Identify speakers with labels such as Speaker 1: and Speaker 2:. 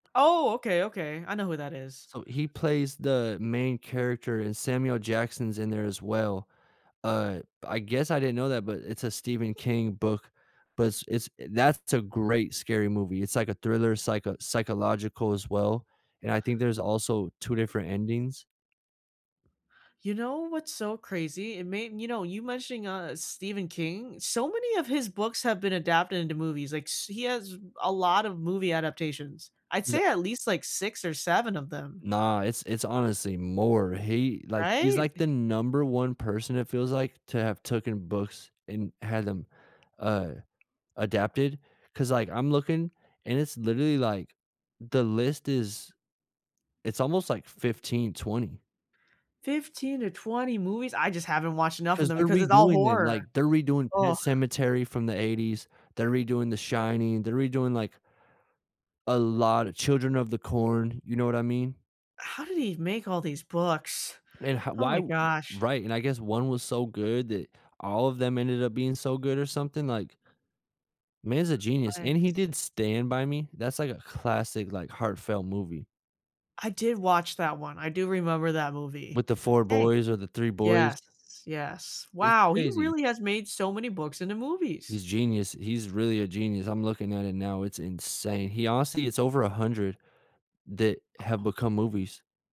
Speaker 1: Oh, okay, okay, I know who that is.
Speaker 2: So he plays the main character and Samuel Jackson's in there as well. Uh, I guess I didn't know that, but it's a Stephen King book, but s it's that's a great scary movie, it's like a thriller psycho psychological as well, and I think there's also 2 different endings.
Speaker 1: You know what's so crazy? It made you know, you mentioning, uh, Stephen King, so many of his books have been adapted into movies, like, s he has a lot of movie adaptations. I'd
Speaker 2: Is a
Speaker 1: say at least, like, 6 or 7 of them.
Speaker 2: Nah, it's it's honestly more he like, he's,
Speaker 1: Right?
Speaker 2: like, the number one person it feels like to have taken books and had them, uh, adapted 'cause, like, I'm looking and it's literally, like the list is It's almost, like, 15, 20.
Speaker 1: 15 to 20 movies? I just haven't watched enough of
Speaker 2: 'Cause
Speaker 1: them
Speaker 2: they're
Speaker 1: because it's all
Speaker 2: redoing them,
Speaker 1: horror.
Speaker 2: like, they're redoing Pet
Speaker 1: Ugh.
Speaker 2: Sematary from the '80s, they're redoing The Shining, they're redoing, like A lot of Children of the Corn, you know what I mean?
Speaker 1: How did he make all these books?
Speaker 2: And ho
Speaker 1: Oh
Speaker 2: why
Speaker 1: my gosh.
Speaker 2: right, and I guess one was so good that all of them ended up being so good or something like Man's a genius,
Speaker 1: Right.
Speaker 2: and he did Stand by Me, that's, like, a classic, like, heartfelt movie.
Speaker 1: I did watch that one; I do remember that movie.
Speaker 2: With the 4
Speaker 1: Hey,
Speaker 2: boys or the 3 boys.
Speaker 1: yes, yes,
Speaker 2: It's
Speaker 1: wow, he
Speaker 2: crazy.
Speaker 1: really has made so many books into movies.
Speaker 2: He's genius, he's really a genius, I'm looking at it now, it's insane, he honestly it's over 100 that have
Speaker 1: Oh.
Speaker 2: become movies.